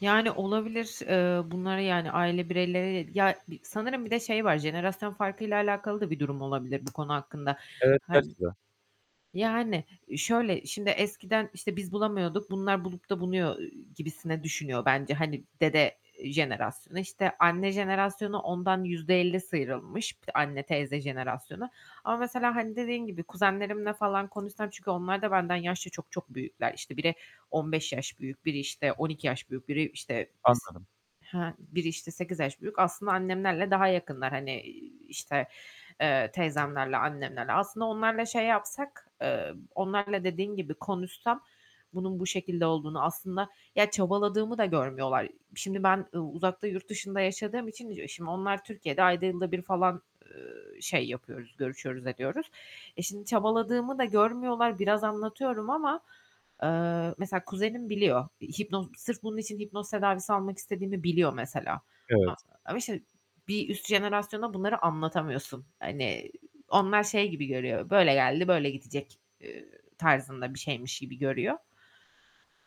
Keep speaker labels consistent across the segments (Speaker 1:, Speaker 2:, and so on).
Speaker 1: Yani, olabilir. Eee bunları, yani, aile bireyleriyle ya, bir sanırım bir de şey var, jenerasyon farkıyla alakalı da bir durum olabilir bu konu hakkında.
Speaker 2: Evet.
Speaker 1: Hani
Speaker 2: [unintelligible]
Speaker 1: yani, şöyle, şimdi eskiden işte, "Biz bulamıyorduk, bunlar bulup da bunuyor." gibisinden düşünüyor bence, hani, dede jenerasyonu. İşte, anne jenerasyonu ondan %50 sıyrılmış; [unintelligible] anne teyze jenerasyonu. Ama mesela, hani, dediğin gibi kuzenlerimle falan konuşsam çünkü onlar da benden yaşça çok çok büyükler. İşte biri 15 yaş büyük, biri işte 12 yaş büyük, biri işte, s
Speaker 2: Anladım.
Speaker 1: he, biri işte 8 yaş büyük. Aslında annemlerle daha yakınlar, hani, iii, işte, eee, teyzemlerle, annemlerle... Aslında onlarla şey yapsak, eee, onlarla dediğin gibi konuşsam bunun bu şekilde olduğunu aslında Ya, çabaladığımı da görmüyorlar. Şimdi ben u uzakta, yurt dışında yaşadığım için, e, şimdi onlar Türkiye'de ayda yılda bir falan, eee, şey yapıyoruz, görüşüyoruz ediyoruz. E, şimdi çabaladığımı da görmüyorlar, biraz anlatıyorum ama, eee, mesela kuzenim biliyor. Hipnoz sırf bunun için hipnoz tedavisi almak istediğimi biliyor mesela. A
Speaker 2: Evet.
Speaker 1: ama işte bir üst jenerasyona bunları anlatamıyorsun. Hani, onlar şey gibi görüyor, "Böyle geldi böyle gidecek." eee, tarzında bir şeymiş gibi görüyor.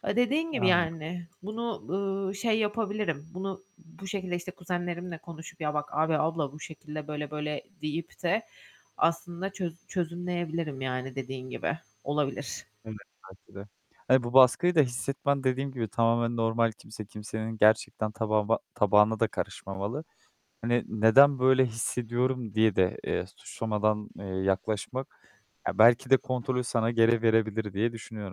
Speaker 1: Eee, dediğim gibi
Speaker 2: Anladım.
Speaker 1: yani bunu, ııı, şey yapabilirim. Bunu, bu şekilde işte kuzenlerimle konuşup "Ya, bak, abi, abla bu şekilde böyle, böyle." deyip de aslında çöz çözümleyebilirim, yani, dediğin gibi. Olabilir.
Speaker 2: Evet, belki de. Hani bu baskıyı da hissetmen dediğim gibi tamamen normal. Kimse, kimsenin gerçekten tabağıma tabağına da karışmamalı. Hani, "Neden böyle hissediyorum?" diye de, eee, suçlamadan, eee, yaklaşmak, ya belki de kontrolü sana geri verebilir diye düşünüyorum.